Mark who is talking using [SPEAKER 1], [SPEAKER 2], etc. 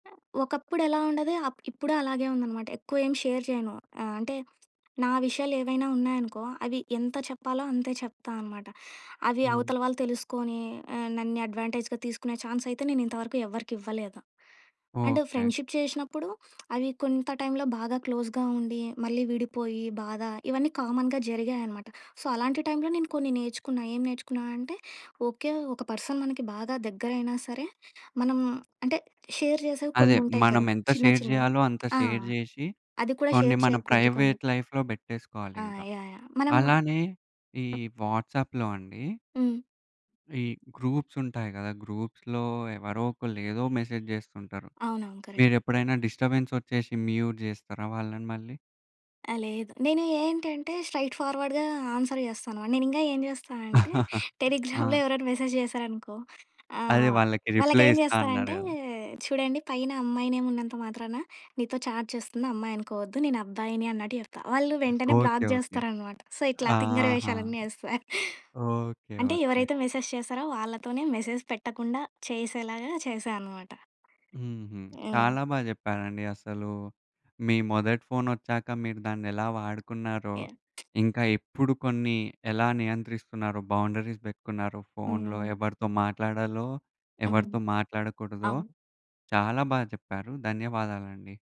[SPEAKER 1] ఒకప్పుడెలా ఉండేది, అప్ ఇప్పుడూ అలాగే ఉందనమాట. ఎక్కువేం షేర్ చేయను. ఆహ్, అంటే, నా విషయాలేవైనా ఉన్నాయనుకో, అవి ఎంత చెప్పాలో, అంతే చెప్తా అనమాట. అవి
[SPEAKER 2] హ్మ్.
[SPEAKER 1] అవతల వాళ్ళు తెలుసుకొనీ ఆహ్, నన్నే అడ్వాంటేజ్‌గా తీసుకునే ఛాన్సయితే, నేనింతవరకు ఎవ్వరికివ్వలేదు. And,
[SPEAKER 2] okay.
[SPEAKER 1] ఫ్రెండ్‌షిప్ చేషినప్పుడు, అవి కొంత టైంలో బాగా క్లోజ్‌గా ఉండి, మళ్ళీ విడిపోయి బాధ, ఇవన్నీ కామన్‌గా జరిగాయనమాట. సో, అలాంటి టైంలో నేను కొన్ని నేర్చుకున్నా, ఏం నేర్చుకున్నా అంటే, ఓకే. ఒక పర్సన్ మనకి బాగా దెగ్గరైనా సరే, మనం అంటే, షేర్ జేసేవి
[SPEAKER 2] అదే,
[SPEAKER 1] కొన్నుంటాయి కదా!
[SPEAKER 2] మనమెంత
[SPEAKER 1] చిన్న
[SPEAKER 2] షేర్
[SPEAKER 1] చిన్నవి.
[SPEAKER 2] జేయాలో, అంత
[SPEAKER 1] ఆ!
[SPEAKER 2] షేర్ జేషి,
[SPEAKER 1] అది కూడా
[SPEAKER 2] కొన్ని
[SPEAKER 1] షేర్
[SPEAKER 2] మన
[SPEAKER 1] చేయకూడదు కొన్ని.
[SPEAKER 2] ప్రైవేట్ లైఫ్‌లో
[SPEAKER 1] ఆ!
[SPEAKER 2] బెట్టేసుకోవాలింక.
[SPEAKER 1] యాహ్! యాహ్! మనము
[SPEAKER 2] అలానే ఈ వాట్సాప్‌లో అండీ...
[SPEAKER 1] హ్మ్.
[SPEAKER 2] ఈ గ్రూప్సుంటాయి గదా! గ్రూప్స్‌లో ఎవరోకళ్ళు, ఏదో మెసేజ్ జేస్తుంటారు.
[SPEAKER 1] అవునవును. కరక్ట్
[SPEAKER 2] మీరెప్పుడైనా డిస్టర్బెన్సొచ్చేషి, మ్యూట్ జేస్తారా వాళ్ళని మళ్ళీ?
[SPEAKER 1] ఆ! లేదు. నేను ఏంటంటే, స్ట్రైట్‌ ఫార్వర్డ్‌గా ఆన్సర్ జేస్తా అనమా నేనింగా ఏం జేస్తానంటే, టెలిగ్రామ్‌లో
[SPEAKER 2] ఆ!
[SPEAKER 1] ఎవరన్న మెసేజ్ జేశారనుకో,
[SPEAKER 2] అదే,
[SPEAKER 1] ఆహ్,
[SPEAKER 2] వాళ్ళకి రిప్లై
[SPEAKER 1] వాళ్ళకేం
[SPEAKER 2] ఇస్తా
[SPEAKER 1] జేస్తా
[SPEAKER 2] అన్నారు
[SPEAKER 1] అంటే,
[SPEAKER 2] గదా!
[SPEAKER 1] "చూడండి పైన అమ్మాయి నేమున్నంత మాత్రాన, నీతో చాట్ చేస్తుంది అమ్మాయనుకోవద్దు, నేనబ్బాయిని." అన్నట్టు జెప్తా. వాళ్ళు వెంటనే
[SPEAKER 2] ఓకే.
[SPEAKER 1] Block
[SPEAKER 2] okay.
[SPEAKER 1] జేస్తారనమాట. సో, ఇట్లా
[SPEAKER 2] ఆ!
[SPEAKER 1] తింగరి
[SPEAKER 2] ఆహా!
[SPEAKER 1] వేషాలన్నీ యేస్తా.
[SPEAKER 2] ఓకే.
[SPEAKER 1] అంటే,
[SPEAKER 2] ఓకే.
[SPEAKER 1] ఎవరైతే మెసేజ్ చేశారో, వాళ్ళతోనే మెసేజ్ పెట్టకుండా, చేసేలాగా చేశా అనమాట.
[SPEAKER 2] హుహు.
[SPEAKER 1] హ్మ్.
[SPEAKER 2] చాలా బా జెప్పారండి. అసలూ మీ మొదటి ఫోనొచ్చాక, మీరు దాన్నెలా వాడుకున్నారో,
[SPEAKER 1] యాహ్!
[SPEAKER 2] ఇంకా ఎప్పుడు కొన్ని ఎలా నియంత్రిస్తున్నారో, బౌండరీస్ బెట్టుకున్నారో, ఫోన్‌లో
[SPEAKER 1] హ్మ్.
[SPEAKER 2] ఎవరితో మాట్లాడాలో,
[SPEAKER 1] హ్మ్.
[SPEAKER 2] ఎవరితో మాట్లాడకూడదో,
[SPEAKER 1] అవును.
[SPEAKER 2] చాలా బా చెప్పారు. ధన్యవాదాలండి.